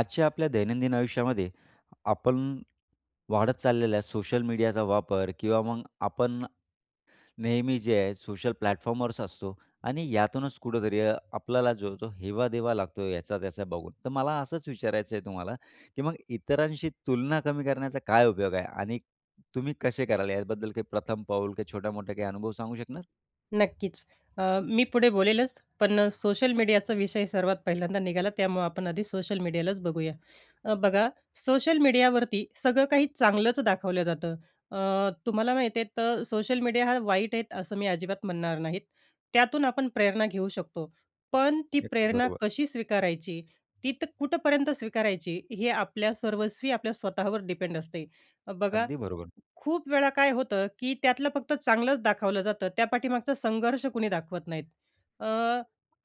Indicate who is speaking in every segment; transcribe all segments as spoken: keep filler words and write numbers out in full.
Speaker 1: आजच्या आपल्या दैनंदिन आयुष्यामध्ये, आपण वाढत चाललेला आहे सोशल मीडियाचा वापर किंवा मग आपण नेहमी जे आहे सोशल प्लॅटफॉर्मवर असतो आणि यातूनच कुठेतरी अ, आपल्याला जो तो हेवादेवा लागतो याचा त्याचा बघून. तर मला असंच विचारायचं आहे तुम्हाला की मग इतरांशी तुलना कमी करण्याचा काय उपयोग आहे आणि तुम्ही कसे कराल याबद्दल काही प्रथम पाऊल काही छोटा मोठा काही अनुभव सांगू शकणार?
Speaker 2: नक्कीचं. अ, मी पुढे बोलेलच, पण सोशल मीडियाचा विषय सर्वात पहिल्यांदा निघाला त्यामुळं आपण आधी सोशल मीडियालाच बघूया. अ, बघा, सोशल मीडियावरती सगळं काही चांगलंच दाखवलं जातं, अ, तुम्हाला माहिती आहे तर सोशल मीडिया हा वाईट आहेत असं मी अजिबात म्हणणार नाहीत. त्यातून आपण प्रेरणा घेऊ शकतो, पण ती
Speaker 1: अगदी
Speaker 2: प्रेरणा
Speaker 1: बरोबर.
Speaker 2: कशी स्वीकारायची, ती कुठपर्यंत स्वीकारायची. हे आपल्या सर्वस्वी आपल्या स्वतःवर डिपेंड असते. अ, बघा,
Speaker 1: अगदी बरोबर.
Speaker 2: खूप वेळा काय होतं की त्यातलं फक्त चांगलंच दाखवलं जातं, त्या पाठीमागचा संघर्ष कुणी दाखवत नाहीत. अ,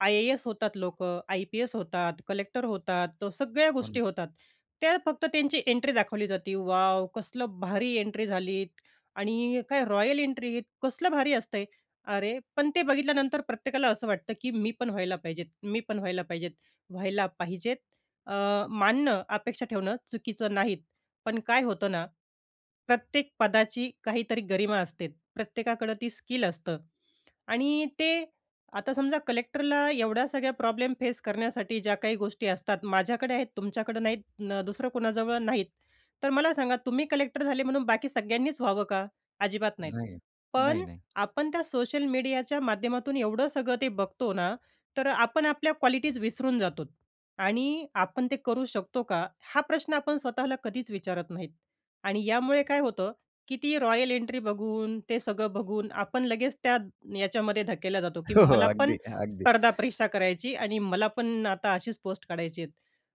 Speaker 2: आय-ए-एस होतात लोकं, आय-पी-एस होतात, कलेक्टर होतात. सगळ्या
Speaker 1: हो ना.
Speaker 2: गोष्टी होतात. त्या फक्त त्यांची एंट्री दाखवली जाते, वॉव! कसलं भारी एंट्री झाली आणि काय रॉयल एंट्री, कसलं भारी असते. अरे पण ते बघितल्यानंतर प्रत्येकाला असं वाटतं, की मी पण व्हायला पाहिजेत, मी पण व्हायला पाहिजेत. व्हायला पाहिजेत अ, मानणं, अपेक्षा ठेवणं चुकीचं नाहीत. पण काय होतं ना, प्रत्येक पदाची काहीतरी गरिमा असते प्रत्येकाकडं ती स्किल असतं आणि ते आता समजा कलेक्टरला एवढ्या सगळ्या प्रॉब्लेम फेस करण्यासाठी ज्या काही गोष्टी असतात माझ्याकडे आहेत तुमच्याकडे नाहीत अ, दुसरं कुणाजवळ नाहीत तर मला सांगा तुम्ही कलेक्टर झाले म्हणून, बाकी सगळ्यांनीच व्हावं का? अजिबात नाहीत.
Speaker 1: नाही. नाही,
Speaker 2: पण
Speaker 1: नाही.
Speaker 2: आपण त्या सोशल मीडियाच्या माध्यमातून एवढं सगळं ते बघतो ना, तर आपण आपल्या क्वालिटीज विसरून जातो आणि आपण ते करू शकतो का? हा प्रश्न आपण स्वतःला कधीच विचारत नाहीत. आणि यामुळे काय होतं, की ती रॉयल एंट्री बघून, ते सगळं बघून आपण लगेच त्या याच्यामध्ये धक्केला जातो की
Speaker 1: हो, हो.
Speaker 2: मला पण
Speaker 1: अगदी, अगदी.
Speaker 2: स्पर्धा परीक्षा करायची आणि मला पण आता अशीच पोस्ट काढायची आहेत.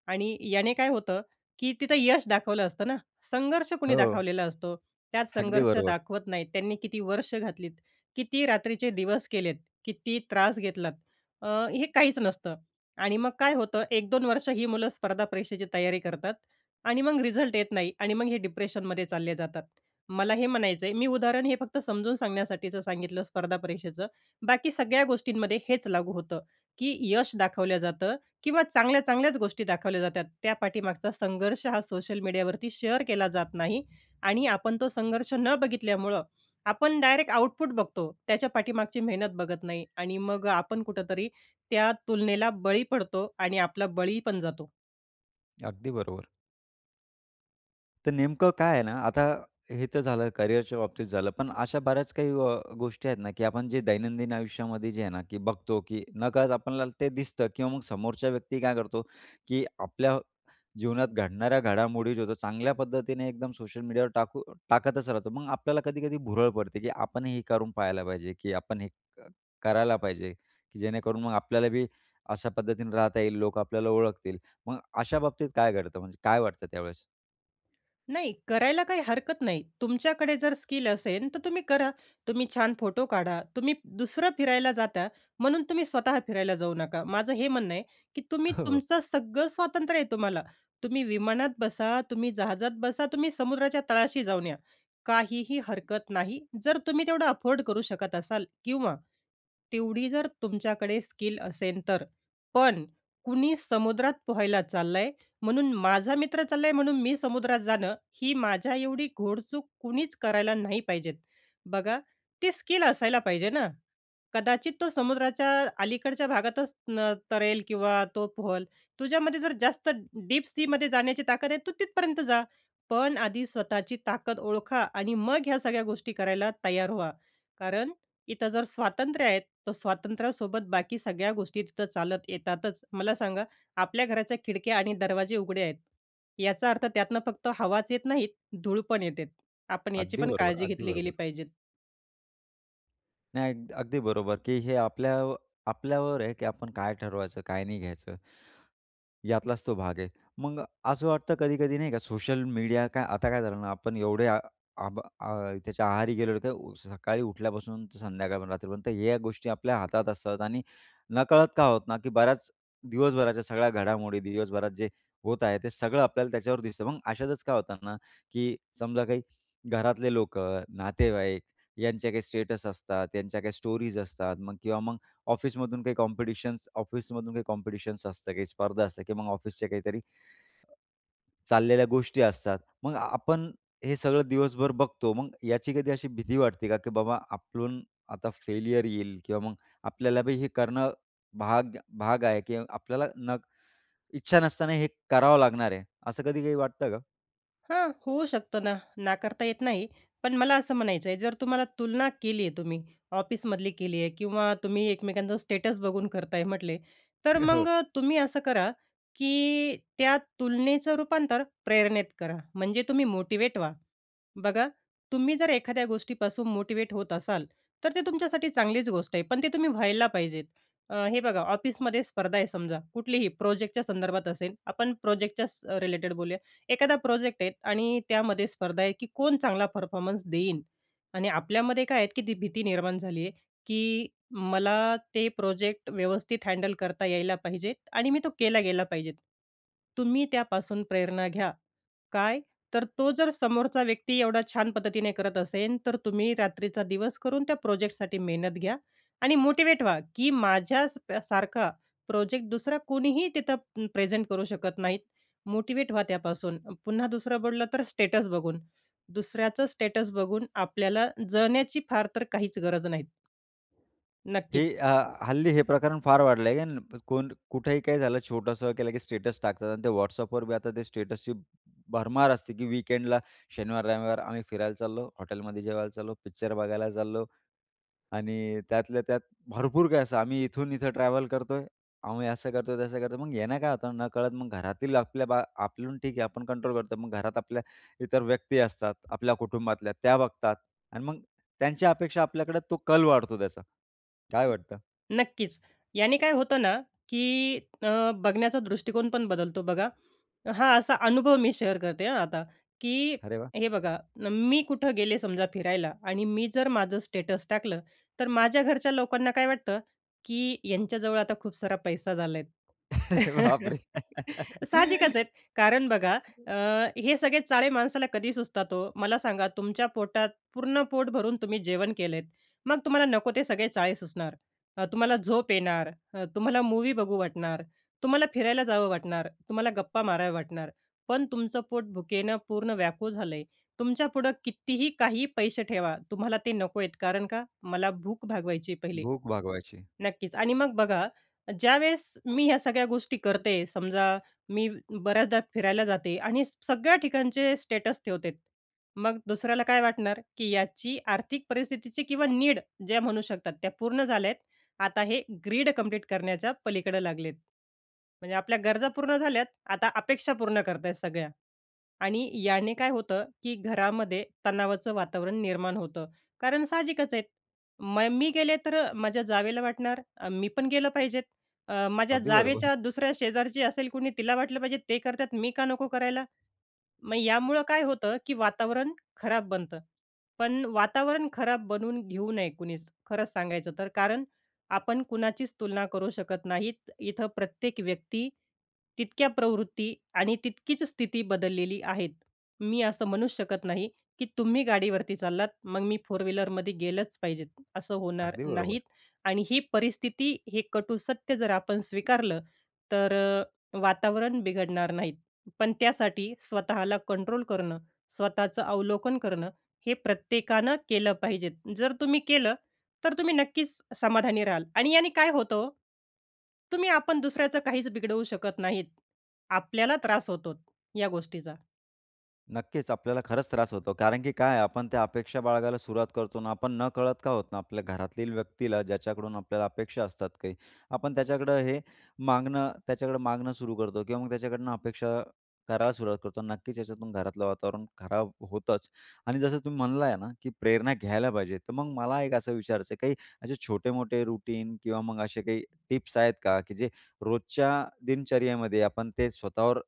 Speaker 2: आणि याने काय होतं, की तिथं यश दाखवलं असतं ना, संघर्ष कुणी
Speaker 1: हो.
Speaker 2: दाखवलेला असतो. त्यात
Speaker 1: अगदी
Speaker 2: संघर्ष
Speaker 1: बरोबर.
Speaker 2: दाखवत नाहीत. त्यांनी किती वर्ष घातलीत, किती रात्रीचे दिवस केलेत, किती त्रास घेतलात? अ, हे काहीच नसतं आणि मग काय होतं. एक दोन वर्ष ही मुलं स्पर्धा परीक्षेची तयारी करतात आणि मग रिझल्ट येत नाही. आणि मग हे डिप्रेशनमध्ये चालले जातात. मला हे म्हणायचं आहे, मी उदाहरण हे फक्त समजून सांगण्यासाठीचं सांगितलं स्पर्धा परीक्षेचं. बाकी सगळ्या गोष्टींमध्ये हेच लागू होतं, की यश दाखवलं जातं किंवा चांगल्या चांगल्याच गोष्टी दाखवल्या जातात त्या पाठीमागचा संघर्ष हा सोशल मीडियावरती शेअर केला जात नाही. आणि आपण तो संघर्ष न बघितल्यामुळं, आपण डायरेक्ट आउटपुट बघतो. त्याच्या पाठीमागची मेहनत बघत नाही. आणि मग आपण कुठेतरी त्या तुलनेला बळी पडतो आणि आपला बळी पण जातो.
Speaker 1: अगदी बरोबर. तर नेमकं काय आहे ना, आता हे तर झालं करियरच्या बाबतीत झालं, पण अशा बऱ्याच काही गोष्टी आहेत ना, की आपण जे दैनंदिन आयुष्यामध्ये जे आहे ना, की बघतो की नकळत आपल्याला ते दिसतं किंवा मग समोरच्या व्यक्ती काय करतो, की आपल्या जीवनात घडणाऱ्या घडामोडी ज्या होतात, चांगल्या पद्धतीने एकदम सोशल मीडियावर टाकू टाकतच राहतो. मग आपल्याला कधी कधी भुरळ पडते, की आपण हे क करून पाहायला पाहिजे, की आपण हे करायला पाहिजे, की जेणेकरून मग आपल्याला बी अशा पद्धतीने राहता येईल. लोकं आपल्याला ओळखतील. मग अशा बाबतीत काय घडतं? म्हणजे काय वाटतं त्यावेळेस?
Speaker 2: नाही, करायला काही हरकत नाही. तुमच्याकडे जर स्किल असेन तर तुम्ही करा. तुम्ही छान फोटो काढा. तुम्ही दुसरं फिरायला जाता म्हणून तुम्ही स्वतः फिरायला जाऊ नका. माझं हे म्हणणं आहे की तुम्ही
Speaker 1: हो.
Speaker 2: तुमचं सगळं स्वातंत्र्य आहे तुम्हाला. तुम्ही विमानात बसा, तुम्ही जहाजात बसा, तुम्ही समुद्राच्या तळाशी जाऊन या, काहीही हरकत नाही. जर तुम्ही तेवढं अफोर्ड करू शकत असाल किंवा तेवढी जर तुमच्याकडे स्किल असेल तर. पण कुणी समुद्रात पोहायला चाललंय, म्हणून माझा मित्र चाललंय म्हणून मी समुद्रात जाणं, ही माझ्या एवढी घोडचूक कुणीच करायला नाही पाहिजेत. बघा, ती स्किल असायला पाहिजे ना? कदाचित तो समुद्राच्या अलीकडच्या भागातच तरेल किंवा तो पोहेल. तुझ्यामध्ये जर जास्त डीप सीमध्ये जाण्याची ताकद आहे, तू तिथपर्यंत जा. पण आधी स्वतःची ताकद ओळखा आणि मग ह्या सगळ्या गोष्टी करायला तयार व्हा. कारण इथं जर स्वातंत्र्य आहे, तर स्वातंत्र्यासोबत बाकी सगळ्या गोष्टी तिथं चालत येतातच. मला सांगा, आपल्या घराच्या खिडक्या आणि दरवाजे उघडे आहेत, याचा अर्थ त्यातून फक्त हवाच येत नाही, धूळ पण येतेत. आपण याची
Speaker 1: अगदी
Speaker 2: पण
Speaker 1: बरोबर,
Speaker 2: काळजी
Speaker 1: अगदी
Speaker 2: घेतली गेली
Speaker 1: बरोबर.
Speaker 2: पाहिजे.
Speaker 1: नाही, अग अगदी बरोबर, की हे आपल्या आपल्यावर आहे, की आपण काय ठरवायचं काय नाही घ्यायचं. यातलाच तो भाग आहे. मग असं वाटतं कधी-कधी नाही का सोशल मीडिया काय आता काय झालं ना, आपण एवढे आ आबा आह त्याच्या आहारी गेलेलो, ते उ सकाळी उठल्यापासून ते संध्याकाळपर्यंत रात्रीपर्यंत या गोष्टी आपल्या हातात असतात आणि नकळत का होतं ना, की बऱ्याच दिवसभराच्या सगळ्या घडामोडी दिवसभरात जे होत आहे, ते सगळं आपल्याला त्याच्यावर दिसतं. मग अशातच काय होतं ना, की समजा काही घरातले लोकं, नातेवाईक यांचे काही स्टेटस असतात त्यांच्या काही स्टोरीज असतात मग किंवा मग ऑफिसमधून काही कॉम्पिटिशन्स ऑफिसमधून काही कॉम्पिटिशन्स असतं काही स्पर्धा असते किंवा मग ऑफिसच्या काहीतरी चाललेल्या गोष्टी असतात. मग आपण हे सगळं दिवसभर बघतो मग याची कधी अशी भीती वाटते का? की बाबा आपलून आता फेल्यर येईल किंवा मग आपल्याला बी हे करणं भाग भाग आहे, की आपल्याला न इच्छा नसताना हे करावं लागणार आहे, असं कधी काही वाटतं का?
Speaker 2: हां, होऊ शकतो ना, नाकारता येत नाही. पण मला असं म्हणायचं आहे जर तुम्हाला तुलना केली आहे तुम्ही ऑफिसमधली केली आहे किंवा तुम्ही एकमेकांचं स्टेटस बघून करत आहे म्हटले, तर
Speaker 1: हो.
Speaker 2: मग अ, तुम्ही असं करा, की त्या तुलनेचं रूपांतर प्रेरणेत करा. म्हणजे तुम्ही मोटिवेट व्हा. बघा, तुम्ही जर एखाद्या गोष्टीपासून मोटिव्हेट होत असाल, तर ते तुमच्यासाठी चांगलीच गोष्ट आहे. पण ते तुम्ही व्हायला पाहिजेत. अ, हे बघा ऑफिसमध्ये स्पर्धा आहे समजा, कुठलीही प्रोजेक्टच्या संदर्भात असेल. आपण प्रोजेक्टच्या स रिलेटेड बोलूया. एखादा प्रोजेक्ट आहे आणि त्यामध्ये स्पर्धा आहे, की कोण चांगला परफॉर्मन्स देईन. आणि आपल्यामध्ये काय आहेत की ती भीती निर्माण झाली आहे, की मला ते प्रोजेक्ट व्यवस्थित हँडल करता यायला पाहिजेत आणि मी तो केला गेला पाहिजेत. तुम्ही त्यापासून प्रेरणा घ्या. काय? तर तो जर समोरचा व्यक्ती एवढा छान पद्धतीने करत असेन, तर तुम्ही रात्रीचा दिवस करून त्या प्रोजेक्टसाठी मेहनत घ्या आणि मोटिवेट व्हा, की माझ्या स प सारखा प्रोजेक्ट दुसरा कोणीही तिथं प् प्रेझेंट करू शकत नाहीत, मोटिव्हेट व्हा त्यापासून. पुन्हा दुसरं बोललं तर स्टेटस बघून. दुसऱ्याचं स्टेटस बघून आपल्याला जळण्याची फार तर काहीच गरज नाहीत. नक्कीच.
Speaker 1: ही अ, हल्ली हे प्रकरण फार वाढलं आहे आणि प कोण कुठेही काही झालं छोटंसं केलं की स्टेटस टाकतात आणि ते WhatsAppवर बी आता ते स्टेटसची भरमार असते की वीकेंडला शनिवार-रविवार आम्ही फिरायला चाललो, हॉटेलमध्ये जेवायला चाललो, पिक्चर बघायला चाललो आणि त्यातल्या त्यात भरपूर काही असं. आम्ही इथून इथं ट्रॅव्हल करतोय, आम्ही असं करतोय, तसं करतोय. मग याने काय होतं नकळत मग घरातील आपल्या बा, आपलून ठीक आहे आपण कंट्रोल करतो, मग घरात आपल्या इतर व्यक्ती असतात, आपल्या कुटुंबातल्या त्या बघतात आणि मग त्यांच्या अपेक्षा आपल्याकडे तो कल वाढतो त्याचा. काय वाटतं?
Speaker 2: नक्कीच. याने काय होतं ना की अ, बघण्याचा दृष्टिकोन पण बदलतो बघा. हां, असा अनुभव मी शेअर करते हां आता, की
Speaker 1: अरे वाह!
Speaker 2: हे बघा, न मी कुठं गेले समजा फिरायला आणि मी जर माझं स्टेटस टाकलं, तर माझ्या घरच्या लोकांना काय वाटतं, की यांच्याजवळ आता खूप सारा पैसा झाला आहेत.
Speaker 1: बापरे!
Speaker 2: साहजिकच आहेत, कारण बघा अ, हे सगळे चाळे माणसाला कधी सुचतात हो? मला सांगा, तुमच्या पोटात पूर्ण पोट भरून तुम्ही जेवण केलं आहेत, मग तुम्हाला नको ते सगळे चाळे सुचणार. अ, तुम्हाला झोप येणार, अ, तुम्हाला मूवी बघू वाटणार, तुम्हाला फिरायला जावं वाटणार, तुम्हाला गप्पा माराव्या वाटणार. पण तुमचं पोट भुकेनं पूर्ण व्याकूळ झालं आहे. तुमच्यापुढं कितीही, काहीही पैसे ठेवा, तुम्हाला ते नको आहेत, कारण का, मला भूक भागवायची आहे पहिली.
Speaker 1: भूक भागवायची.
Speaker 2: नक्कीच. आणि मग बघा, ज्यावेळेस मी ह्या सगळ्या गोष्टी करते समजा मी बऱ्याचदा फिरायला जाते आणि स सगळ्या ठिकाणचे स्टेटस ठेवतेत. मग दुसऱ्याला काय वाटणार? की याची आर्थिक परिस्थितीची किंवा नीड ज्या म्हणू शकतात त्या पूर्ण झाल्या आहेत, आता हे ग्रीड कंप्लीट करण्याच्या पलीकडं लागलेत. म्हणजे आपल्या गरजा पूर्ण झाल्यात, आता अपेक्षा पूर्ण करत आहेत सगळ्या. आणि याने काय होतं की घरामध्ये तणावाचं वातावरण निर्माण होतं. कारण साहजिकच आहेत म मी गेले तर अ, माझ्या जावेला वाटणार, अ, "मी पण गेलं पाहिजेत." अ, माझ्या
Speaker 1: अगदी बरोबर.
Speaker 2: जावेच्या दुसऱ्या शेजारची असेल कुणी तिला वाटलं पाहिजे, "ते करत आहेत, मी का नको करायला?" मग यामुळं काय होतं, की वातावरण खराब बनतं. पण वातावरण खराब बनवून घेऊ नये कुणीच, खरंच सांगायचं तर, कारण आपण कुणाचीच तुलना करू शकत नाहीत. इथं प्रत्येक व्यक्ती तितक्या प्रवृत्ती आणि तितकीच स्थिती बदललेली आहेत. मी असं म्हणूच शकत नाही की तुम्ही गाडीवरती चाललात मग मी फोर व्हीलरमध्ये गेलंच पाहिजेत असं होणार
Speaker 1: अगदी
Speaker 2: नाहीत
Speaker 1: बरोबर.
Speaker 2: आणि ही परिस्थिती हे कटू सत्य जर आपण स्वीकारलं, तर अ, वातावरण बिघडणार नाहीत. पण त्यासाठी स्वतःला कंट्रोल करणं, स्वतःचं अवलोकन करणं, हे प्रत्येकानं केलं पाहिजेत. जर तुम्ही केलं, तर तुम्ही नक्कीच समाधानी राहाल. आणि याने काय होतं हो? तुम्ही-आपण दुसऱ्याचं काहीच बिघडवू शकत नाहीत. आपल्याला त्रास होतोत, या गोष्टीचा.
Speaker 1: नक्कीच, आपल्याला खरंच त्रास होतो. कारण की काय आहे, आपण त्या अपेक्षा बाळगायला सुरुवात करतो ना, आपण न कळत का होत ना, आपल्या घरातील व्यक्तीला ज्याच्याकडून आपल्याला अपेक्षा असतात काही. आपण त्याच्याकडं हे मागणं त्याच्याकडं मागणं सुरू करतो किंवा मग त्याच्याकडनं अपेक्षा करायला सुरुवात करतो. नक्कीच याच्यातून घरातलं वातावरण खराब होतंच आणि जसं तुम्ही म्हणला आहे ना की प्रेरणा घ्यायला पाहिजे. तर मग मला एक असं विचारायचं आहे काही असे छोटे-मोठे रूटीन किंवा मग अशे काही टिप्स आहेत का की जे रोजच्या दिनचर्येमध्ये आपण ते स्वतःवर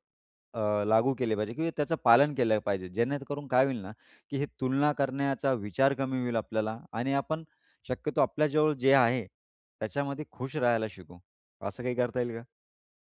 Speaker 1: अ, लागू केले पाहिजे? किंवा त्याचं पालन केलं पाहिजे, जेणेकरून काय होईल ना की हे तुलना करण्याचा विचार कमी होईल आपल्याला आणि आपण शक्यतो आपल्या जवळ जे आहे, त्याच्यामध्ये खुश राहायला शिकू. असं काही करता येईल का?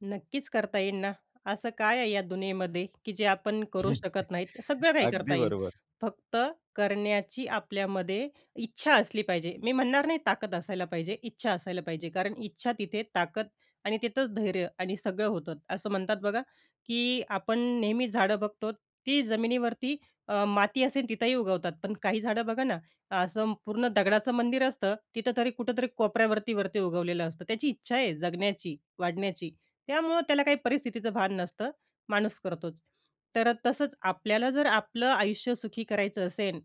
Speaker 2: नक्कीच करता येईन ना. असं काय आहे या दुनियेमध्ये की जे आपण करू शकत नाहीत. सगळं काही करता
Speaker 1: अगदी
Speaker 2: येईन,
Speaker 1: बरोबर.
Speaker 2: फक्त करण्याची आपल्यामध्ये इच्छा असली पाहिजे. मी म्हणणार नाही ताकद असायला पाहिजे, इच्छा असायला पाहिजे, कारण इच्छा तिथे ताकद आणि तिथंच धैर्य आणि सगळं होतं. असं म्हणतात बघा की आपण नेहमी झाडं बघतो, ती जमिनीवरती अ, माती असेन, तिथंही उगवतात. पण काही झाडं बघा ना, असं पूर्ण दगडाचं मंदिर असतं, तिथं तरी कुठेतरी कोपऱ्यावरती वरती उगवलेलं असतं. त्याची इच्छा आहे जगण्याची, वाढण्याची, त्यामुळं त्याला काही परिस्थितीचं भान नसतं, माणूस करतोच. तर तसंच आपल्याला जर आपलं आयुष्य सुखी करायचं असेन,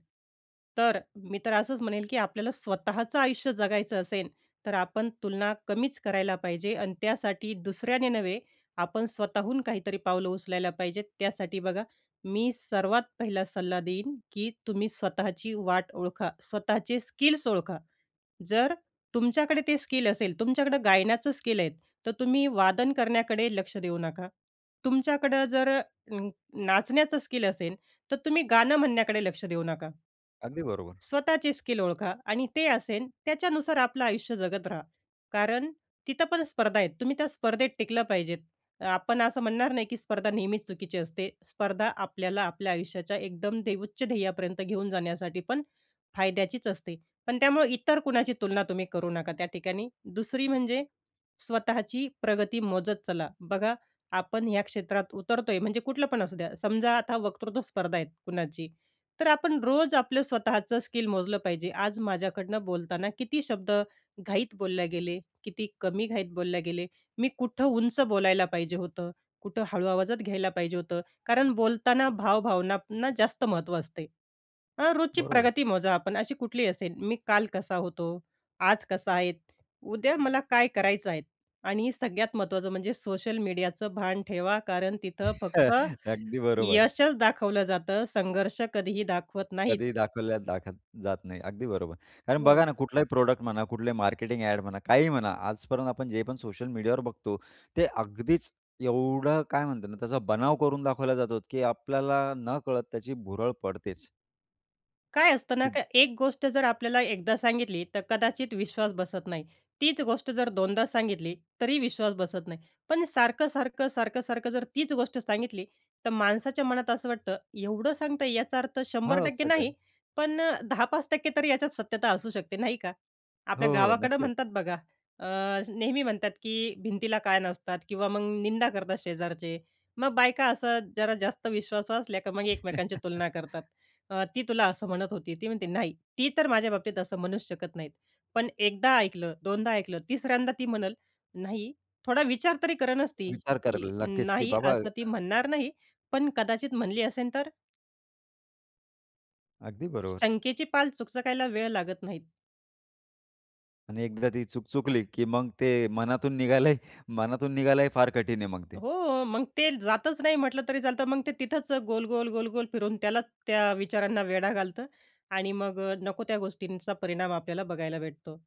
Speaker 2: तर मी तर असंच म्हणेन की आपल्याला स्वतःचं आयुष्य जगायचं असेन, तर आपण तुलना कमीच करायला पाहिजे आणि त्यासाठी दुसऱ्याने नव्हे, आपण स्वतःहून काहीतरी पावलं उचलायला पाहिजेत. त्यासाठी बघा, मी सर्वात पहिला सल्ला देईन की तुम्ही स्वतःची वाट ओळखा, स्वतःचे स्किल्स ओळखा. जर तुमच्याकडे ते स्किल असेल, तुमच्याकडं गायण्याचं स्किल आहे, तर तुम्ही वादन करण्याकडे लक्ष देऊ नका. तुमच्याकडं जर अ, नाचण्याचं स्किल असेन, तर तुम्ही गाणं म्हणण्याकडे लक्ष देऊ नका.
Speaker 1: अगदी बरोबर.
Speaker 2: स्वतःची स्किल ओळखा आणि ते असेन त्याच्यानुसार आपलं आयुष्य जगत राहा, कारण तिथं पण स्पर्धा आहेत. तुम्ही त्या स्पर्धेत टिकलं पाहिजे. अ, आपण असं म्हणणार नाही की स्पर्धा नेहमीच चुकीची असते. स्पर्धा आपल्याला आपल्या आयुष्याच्या एकदम दे उच्च ध्येयापर्यंत घेऊन जाण्यासाठी पण फायद्याचीच असते. पण त्यामुळं इतर कुणाची तुलना तुम्ही करू नका त्या ठिकाणी. दुसरी म्हणजे स्वतःची प्रगती मोजत चला, बघा आपण ह्या क्षेत्रात उतरतोय म्हणजे कुठलं पण असू द्या. समजा आता वक्तृत्व स्पर्धा आहे कुणाची, तर आपण रोज आपलं स्वतःचं स्किल मोजलं पाहिजे. आज माझ्याकडनं बोलताना किती शब्द घाईत बोलल्या गेले, किती कमी घाईत बोलल्या गेले. मी कुठं उंच बोलायला पाहिजे होतं, कुठं हळू आवाजात घ्यायला पाहिजे होतं. कारण बोलताना भाव भावनांना जास्त महत्त्व असते. अ, रोजची
Speaker 1: बरोबर.
Speaker 2: प्रगती मोजा आपण अशी कुठली असेन, मी काल कसा होतो, आज कसा आहे, उद्या मला काय करायचं आहे आणि सगळ्यात महत्त्वाचं म्हणजे सोशल मीडियाचं भान ठेवा, कारण तिथं फक्त
Speaker 1: अगदी बरोबर.
Speaker 2: यशच दाखवलं जातं. संघर्ष कधीही दाखवत नाहीत.
Speaker 1: कधी दाखवल्या दाखत जात नाही अगदी बरोबर. कारण
Speaker 2: हो.
Speaker 1: बघा ना कुठलाही प्रॉडक्ट म्हणा, कुठलाही मार्केटिंग ॲड म्हणा, काहीही म्हणा. आजपर्यंत आपण जे पण सोशल मीडियावर बघतो, ते अगदीच एवढं काय म्हणतात ना, त्याचा बनाव करून दाखवला जातो की आपल्याला न कळत त्याची भुरळ पडतेच.
Speaker 2: काय असतं ना का,
Speaker 1: [unintelligible]
Speaker 2: एक गोष्ट जर आपल्याला एकदा सांगितली, तर कदाचित विश्वास बसत नाही, तीच गोष्ट जर दोनदा सांगितली, तरी विश्वास बसत नाही, पण सारखं, सारखं, सारखं, सारखं जर तीच गोष्ट सांगितली, तर माणसाच्या मनात असं वाटतं, एवढं सांगता, याचा अर्थ शंभर
Speaker 1: हां,
Speaker 2: टक्के
Speaker 1: सगळे.
Speaker 2: नाही, पण अ, दहा पाच टक्के तर याच्यात सत्यता असू शकते, नाही का. आपल्या
Speaker 1: हो, हो.
Speaker 2: गावाकडं
Speaker 1: नक्कीच.
Speaker 2: म्हणतात बघा, अ, नेहमी म्हणतात, की भिंतीला कान असतात किंवा मग निंदा करतात शेजारचे, मग बायका असं जरा जास्त विश्वासू असल्या, तर मग एकमेकांची तुलना करतात, "ती तुला असं म्हणत होती," ती म्हणते, "नाही, ती तर माझ्या बाबतीत असं म्हणू शकत नाहीत," पण एकदा ऐकलं, दोनदा ऐकलं, तिसऱ्यांदा ती म्हणल नाही, थोडा विचार तरी करच ती,
Speaker 1: विचार
Speaker 2: की
Speaker 1: करायला लागतेच, की
Speaker 2: नाही,
Speaker 1: बाबा
Speaker 2: असं ती
Speaker 1: अ
Speaker 2: म्हणणार नाही, पण कदाचित म्हणली असेल तर?
Speaker 1: अगदी बरोबर.
Speaker 2: शंकेची पाल चुकचकायला वेळ लागत नाहीत.
Speaker 1: आणि एकदा ती चुक चुकली, की मग ते मनातून निघालंय मनातून निघालंय फार कठीण आहे मग ते.
Speaker 2: हो, मग ते जातच नाही, म्हटलं तरी चालतं, मग ते तिथंच गोल, गोल, गोल, गोल, फिरवून त्याला, त्या विचारांना वेढा घालतं. आणि मग नको त्या गोष्टींचा परिणाम आपल्याला बघायला भेटतो.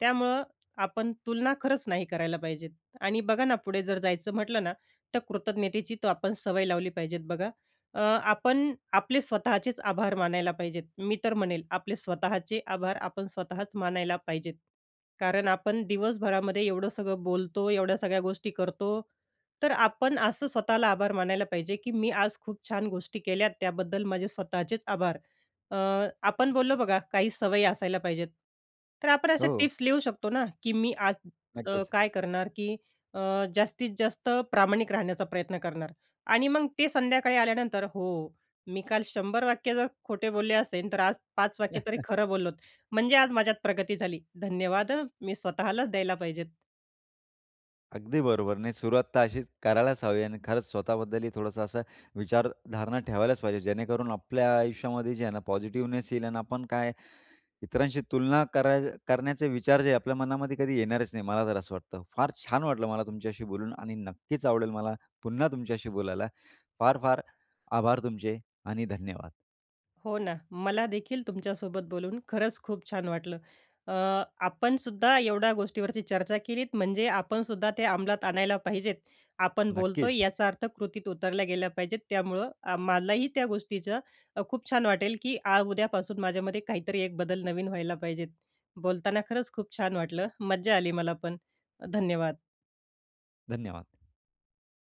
Speaker 2: त्यामुळं आपण तुलना खरंच नाही करायला पाहिजेत. आणि बघा ना, पुढे जर जायचं म्हटलं ना, तर कृतज्ञतेची तर आपण सवय लावली पाहिजेत. बघा, अ, आपण आपले स्वतःचेच आभार मानायला पाहिजेत, मी तर म्हणेल, आपले स्वतःचे आभार, आपण स्वतःच मानायला पाहिजेत. कारण आपण दिवसभरामध्ये एवढं सगळं बोलतो, एवढ्या सगळ्या गोष्टी करतो, तर आपण असं स्वतःला आभार मानायला पाहिजे, की मी आज खूप छान गोष्टी केल्यात, त्याबद्दल माझे स्वतःचेच आभार. अ, आपण बोललो बघा, काही सवयी असायला पाहिजेत, तर आपण अशा
Speaker 1: हो.
Speaker 2: टिप्स लिहू शकतो ना, की मी आज अ,
Speaker 1: नक्कीच.
Speaker 2: काय करणार, की अ, जास्तीत जास्त प्रामाणिक राहण्याचा प्रयत्न करणार आणि मग ते संध्याकाळी आल्यानंतर, हो, मी काल शंभर वाक्य जर खोटे बोलले असेन, तर आज पाच वाक्य तरी खरं बोललोत, म्हणजे आज माझ्यात प्रगती झाली, धन्यवाद मी स्वतःलाच द्यायला पाहिजेत.
Speaker 1: अगदी बरोबर. नाही, सुरुवात तर अशीच करायलाच हवी आहे आणि खरंच स्वतःबद्दलही थोडंसं असं विचारधारणा ठेवायलाच पाहिजे, जेणेकरून आपल्या आयुष्यामध्ये जे आहे ना, पॉझिटिव्हनेस येईल आणि आपण काय इतरांशी तुलना कराय करण्याचे विचार जे आपल्या मनामध्ये कधी येणारच नाही. मला तर असं वाटतं, फार छान वाटलं मला तुमच्याशी बोलून. आणि नक्कीच आवडेल मला पुन्हा तुमच्याशी बोलायला, फार फार आभार तुमचे आणि धन्यवाद.
Speaker 2: हो ना, मला देखील तुमच्यासोबत बोलून खरंच खूप छान वाटलं. अ, आपणसुद्धा एवढ्या गोष्टीवरची चर्चा केलीत, म्हणजे आपणसुद्धा ते अमलात आणायला पाहिजेत, आपण बोलतोय,
Speaker 1: नक्कीच.
Speaker 2: याचा अर्थ कृतीत उतरल्या गेल्या पाहिजेत, त्यामुळं मलाही त्या गोष्टीचं अ, खूप छान वाटेल, की आज, उद्यापासून माझ्यामध्ये काहीतरी एक बदल नवीन व्हायला पाहिजेत, बोलताना खरंच खूप छान वाटलं. मज्जा आली मला पण. धन्यवाद.
Speaker 1: धन्यवाद.